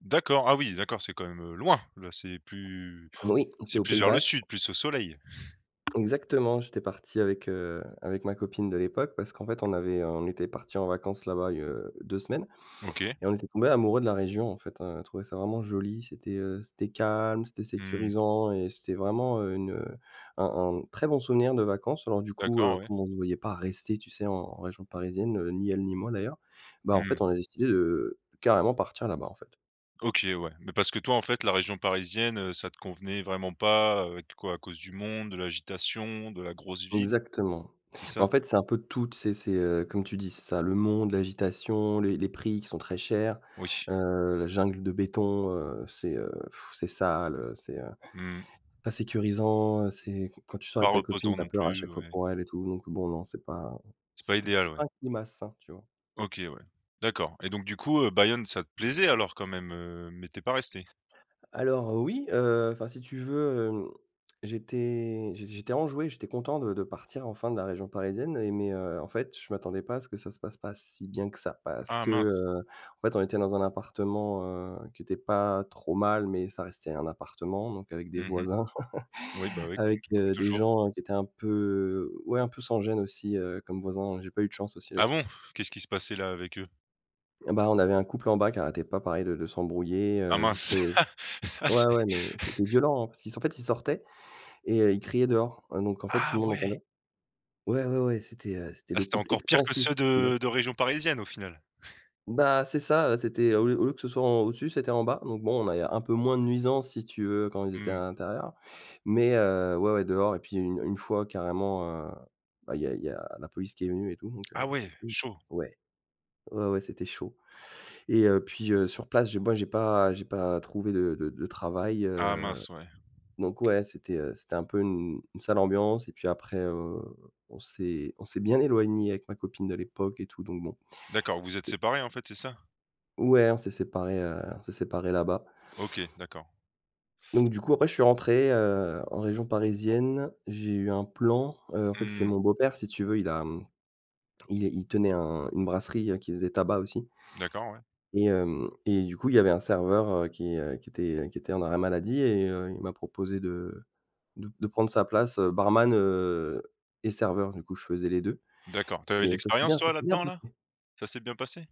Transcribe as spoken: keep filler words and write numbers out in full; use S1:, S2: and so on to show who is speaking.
S1: D'accord, ah oui d'accord, c'est quand même, heu, loin, là c'est plus
S2: Oui, c'était
S1: c'est
S2: au
S1: plus
S2: Pays
S1: vers le
S2: Basque.
S1: sud, plus au soleil.
S2: Exactement. J'étais parti avec, heu, avec ma copine de l'époque, parce qu'en fait on avait on était partis en vacances là-bas il y a, heu, deux semaines.
S1: OK.
S2: Et on était tombé amoureux de la région, en fait, on a trouvé ça vraiment joli, c'était, heu, c'était calme, c'était
S1: Mmh.
S2: sécurisant et c'était vraiment une, heu, un un très bon souvenir de vacances. Alors du coup,
S1: D'accord, ouais.
S2: comme on se voyait pas rester tu sais, en région parisienne, ni elle ni moi, d'ailleurs, bah,
S1: Mmh
S2: en
S1: mh.
S2: fait, on a décidé de, heu, carrément partir là-bas, en fait.
S1: OK ouais. Mais parce que toi, en fait, la région parisienne, heu, ça te convenait vraiment pas, heu, avec quoi? À cause du monde, de l'agitation, de la grosse ville?
S2: Exactement.
S1: C'est
S2: Bah,
S1: ça?
S2: en fait, c'est un peu tout, tu sais, c'est comme tu dis, c'est ça: le monde, l'agitation, les les prix qui sont très chers.
S1: Oui.
S2: Heu, la jungle de béton, heu, c'est c'est sale, heu, c'est, heu,
S1: Mmh.
S2: c'est pas sécurisant, c'est quand tu sors
S1: Pas
S2: avec ta copine,
S1: reposant
S2: tu as
S1: non
S2: peur à
S1: plus,
S2: chaque fois
S1: ouais.
S2: pour elle et tout. Donc bon, non, c'est pas
S1: C'est pas
S2: c'était
S1: idéal,
S2: c'est pas
S1: ouais.
S2: un climat sain, tu vois?
S1: OK ouais. D'accord. Et donc du coup, heu, Bayonne, ça te plaisait alors quand même, heu, mais tu es pas resté?
S2: Alors, oui, heu, enfin, si tu veux, hem, j'étais j'é j'étais enjoué, j'étais content de de partir enfin de la région parisienne, et mais, heu, en fait, je m'attendais pas à ce que ça se passe pas si bien que ça. Parce
S1: Ah
S2: que,
S1: mince.
S2: heu, en fait on était dans un appartement, heu, qui était pas trop mal, mais ça restait un appartement, donc avec des
S1: Mmh mh.
S2: voisins.
S1: Oui, bah oui,
S2: Avec,
S1: comme comme
S2: heu, des
S1: toujours.
S2: gens qui étaient un peu ouais, un peu sans gêne, aussi, comme voisin, j'ai pas eu de chance aussi
S1: Ah
S2: là-dessus.
S1: bon? Qu'est-ce qui se passait là, avec eux?
S2: Eh bah, on avait un couple en bas qui arrêtait pas, pareil, de de s'embrouiller,
S1: Ah
S2: heu, jusque
S1: mince. Ah!
S2: ouais,
S1: Ah c'est
S2: ouais, mais c'était violent, hein, parce qu'ils s parce qu'en fait ils sortaient et ils criaient dehors, donc en fait, tout
S1: Ah
S2: le monde entendait.
S1: ouais!
S2: Ouais, ouais, ouais, c'était c'était
S1: Ah,
S2: le
S1: c'était
S2: couple
S1: encore pire que
S2: expansif,
S1: ceux
S2: tu vois?
S1: de de région parisienne, au final.
S2: Bah c'est ça, c'était au lieu au lieu que ce soit en au-dessus, c'était en bas. Donc bon, on a eu un peu moins de nuisance si tu veux, quand ils étaient à
S1: Mmh.
S2: l'intérieur. Mais heu, ouais, ouais, dehors et puis une une fois carrément, heu, bah, il y a il y a la police qui est venue et tout, donc, heu,
S1: Ah
S2: c'est
S1: ouais.
S2: [unintelligible]
S1: Chaud.
S2: Ouais, ouais, ouais, c'était chaud. Et heu, puis heu, sur place, j moi j'ai pas j'ai pas trouvé de de de travail,
S1: Ah
S2: heu,
S1: mince, ouais.
S2: donc, ouais c'était, heu, c'était un peu une une sale ambiance et puis après, heu, on s'est on s'est bien éloignés avec ma copine de l'époque et tout, donc, bon
S1: D'accord, vous vous êtes séparés en fait, c'est ça?
S2: Ouais, on s'est séparés, heu, on s'est séparés là-bas.
S1: OK. D'accord.
S2: Donc, du coup, après je suis rentré, heu, en région parisienne. J'ai eu un plan, heu, en fait c'est
S1: Mmh.
S2: mon beau-père si tu veux il a, mmh, il il tenait un une brasserie qui faisait tabac, aussi
S1: D'accord, ouais.
S2: et hem, et du coup, il y avait un serveur, heu, qui, heu, qui était qui était en arrêt maladie, et heu, il m'a proposé de de de prendre sa place, barman, heu, et serveur. Du coup, je faisais les deux.
S1: D'accord, tu avais de
S2: Et ça c'est
S1: l'expérience
S2: bien ça
S1: toi,
S2: c'est bien
S1: là-dedans, là?
S2: passé.
S1: Ça s'est bien passé?